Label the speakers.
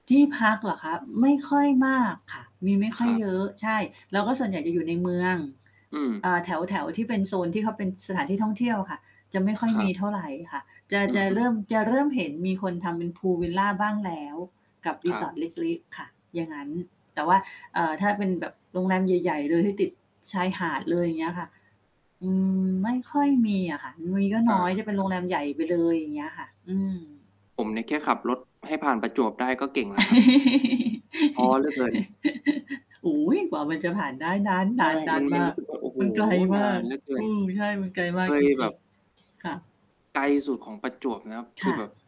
Speaker 1: ที่พักเหรอคะ? ไม่ค่อยมากค่ะ มีไม่ค
Speaker 2: ค
Speaker 1: ่อ
Speaker 2: ร
Speaker 1: ย
Speaker 2: ับ
Speaker 1: เยอะ ใช่ แล้วก็ส่วนใหญ่จะอยู่ในเมือง
Speaker 2: อืม
Speaker 1: อ่า แถว ๆ ที่เป็นโซนที่เขาเป็นสถานที่ท่องเที่ยวอะค่ะ จะไม่ค่อย
Speaker 2: คร
Speaker 1: ม
Speaker 2: ั
Speaker 1: ี
Speaker 2: บ
Speaker 1: เท่าไรค่ะ จะ
Speaker 2: อื
Speaker 1: จะเร
Speaker 2: อ
Speaker 1: ิ
Speaker 2: ๆ
Speaker 1: ่ม จะเริ่มเห็นมีคนทำเป็นพูลวิลลาบ้างแล้ว กับ
Speaker 2: ครับ
Speaker 1: resort เล็ก ๆ ค่ะ อย่างงั้น แต่ว่า เอ่อ ถ้าเป็นแบบโรงแรมใหญ่ ๆ เลยที่ติดชายหาดเลย อย่างเงี้ยค่ะ อืม ไม่ค่อยมีอ่ะค่ะ มีก็
Speaker 2: อ
Speaker 1: น
Speaker 2: า
Speaker 1: ้อยเป็น
Speaker 2: ค
Speaker 1: โ
Speaker 2: ร
Speaker 1: ร
Speaker 2: ับ
Speaker 1: งแรมใหญ่ไปเลยอย่างเงี้ยค่ะ อืม
Speaker 2: ผมเนี่ยแค่ขับรถให้ผ่านประจวบได้ก็เก่งแล้วครับ ท้อเหลือเกิน
Speaker 1: โอ้โฮ กว่ามันจะผ่านได้นา
Speaker 2: ใช่ไหม? มั
Speaker 1: น
Speaker 2: น
Speaker 1: ๆ ๆ
Speaker 2: ม
Speaker 1: ม
Speaker 2: ัน
Speaker 1: า
Speaker 2: รู
Speaker 1: ก
Speaker 2: ้สึกว่า โอ้โฮ
Speaker 1: มันไกลม
Speaker 2: น
Speaker 1: า
Speaker 2: า
Speaker 1: ก
Speaker 2: นเหลือเกิ
Speaker 1: อ
Speaker 2: น
Speaker 1: ือ ใช่มันไกลมา
Speaker 2: เค
Speaker 1: กจ
Speaker 2: ยแบ
Speaker 1: ริง
Speaker 2: บ
Speaker 1: ๆ ค่ะ
Speaker 2: ไกลสุดของประจวบนะครับ ค
Speaker 1: ค
Speaker 2: ื
Speaker 1: ่
Speaker 2: อแบ
Speaker 1: ะ
Speaker 2: บ